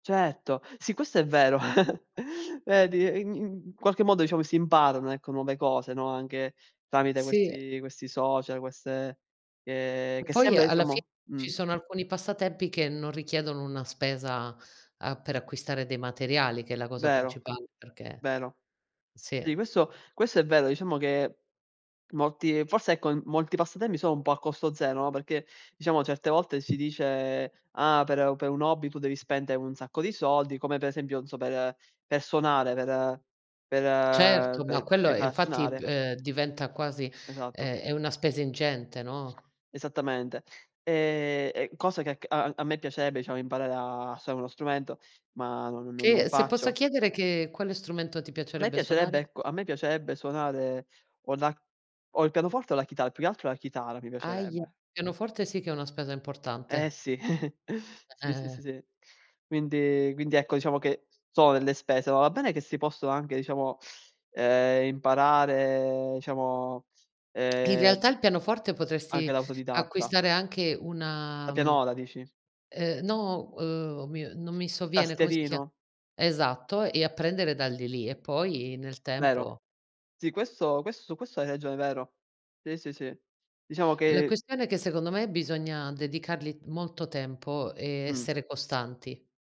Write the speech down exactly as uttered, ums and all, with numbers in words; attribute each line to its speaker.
Speaker 1: Certo, sì questo è vero. Vedi? I in qualche modo diciamo si imparano, ecco, nuove cose, no? Anche tramite
Speaker 2: Sì.
Speaker 1: questi questi social, queste che
Speaker 2: E
Speaker 1: che
Speaker 2: poi
Speaker 1: sembra
Speaker 2: alla fi
Speaker 1: diciamo
Speaker 2: ci
Speaker 1: mh.
Speaker 2: sono alcuni passatempi che non richiedono una spesa, ehm, per acquistare dei materiali che è la cosa
Speaker 1: Vero,
Speaker 2: principale perché
Speaker 1: vero.
Speaker 2: sì
Speaker 1: Sì
Speaker 2: eh!
Speaker 1: questo questo è vero, diciamo che molti forse ecco, m molti passatempi sono un po' a costo zero, no? Perché diciamo certe volte si dice: "Ah per per un hobby tu devi spendere un sacco di soldi", come per esempio non so per per suonare, per per
Speaker 2: Certo, ma
Speaker 1: ve e
Speaker 2: quello e
Speaker 1: nda a
Speaker 2: infatti,
Speaker 1: suonare.
Speaker 2: ehm, diventa quasi
Speaker 1: Esatto.
Speaker 2: ehm, è una spesa ingente, no?
Speaker 1: Esattamente. Ehm, e cosa che è acc a a me piacerebbe, diciamo, imparare a suonare uno strumento, ma no no no non
Speaker 2: Che se posso
Speaker 1: faccio.
Speaker 2: chiedere che quale strumento ti
Speaker 1: A me
Speaker 2: piacerebbe
Speaker 1: piacerebbe
Speaker 2: suonare?
Speaker 1: ecco, a me piacerebbe suonare o la o il pianoforte o la chitaa, più che altro la chitarra mi
Speaker 2: Ahia.
Speaker 1: piacerebbe.
Speaker 2: Pianoforte sì che è una spesa
Speaker 1: Eh
Speaker 2: importante.
Speaker 1: sì,
Speaker 2: Eh eh
Speaker 1: sì, sì, sì,
Speaker 2: eh.
Speaker 1: sì. Quindi quindi ecco, diciamo che sono delle spese, ma va bene che si possono anche diciamo, ehm, imparare, diciamo,
Speaker 2: In
Speaker 1: ehm
Speaker 2: realtà il pianoforte
Speaker 1: anche
Speaker 2: potresti
Speaker 1: da autodidatta.
Speaker 2: acquistare anche
Speaker 1: La
Speaker 2: una, mhmm,
Speaker 1: pianola dici?
Speaker 2: ehm, no, ehm, o mio non mi sovviene, come si chia
Speaker 1: Tascherino?
Speaker 2: esatto, e apprendere da lì lì, e poi nel
Speaker 1: Vero.
Speaker 2: tempo
Speaker 1: Sì, questo questo su questo hai ragione, vero. Sì, sì, sì. Diciamo
Speaker 2: La
Speaker 1: che
Speaker 2: questione è che secondo me bisogna dedicargli molto tempo e
Speaker 1: Mh.
Speaker 2: essere costanti.